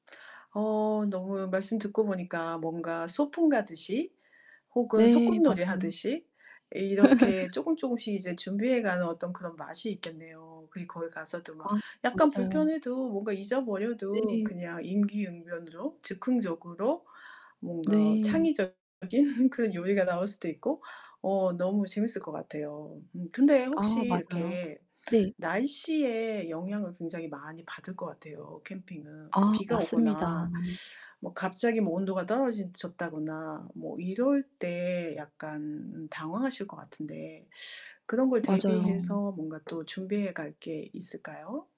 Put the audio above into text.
어, 너무 말씀 듣고 보니까 뭔가 소풍 가듯이 혹은 네, 소꿉놀이 맞아요. 하듯이 이렇게 쪼금쪼금씩 이제 준비해 가는 어떤 그런 맛이 있겠네요. 그리고 거기 가서도 막 아 약간 맞아요. 불편해도 뭔가 잊어버려도 네네. 그냥 임기응변으로, 즉흥적으로 뭔가 네. 창의적인 그런 요리가 나올 수도 있고. 어, 너무 재미있을 것 같아요. 음 그런데 혹시 아, 맞아요. 이렇게, 네. 날씨에 영향을 굉장히 많이 받을 것 같아요, 캠핑은. 근데 아 비가 맞습니다. 오거나 뭐 갑자기 뭐 온도가 떨어지 졌다거나 뭐 이럴 때 약간 당황하실 것 같은데 그런 걸 맞아요. 대비해서 뭔가 또 준비해 갈 게 있을까요?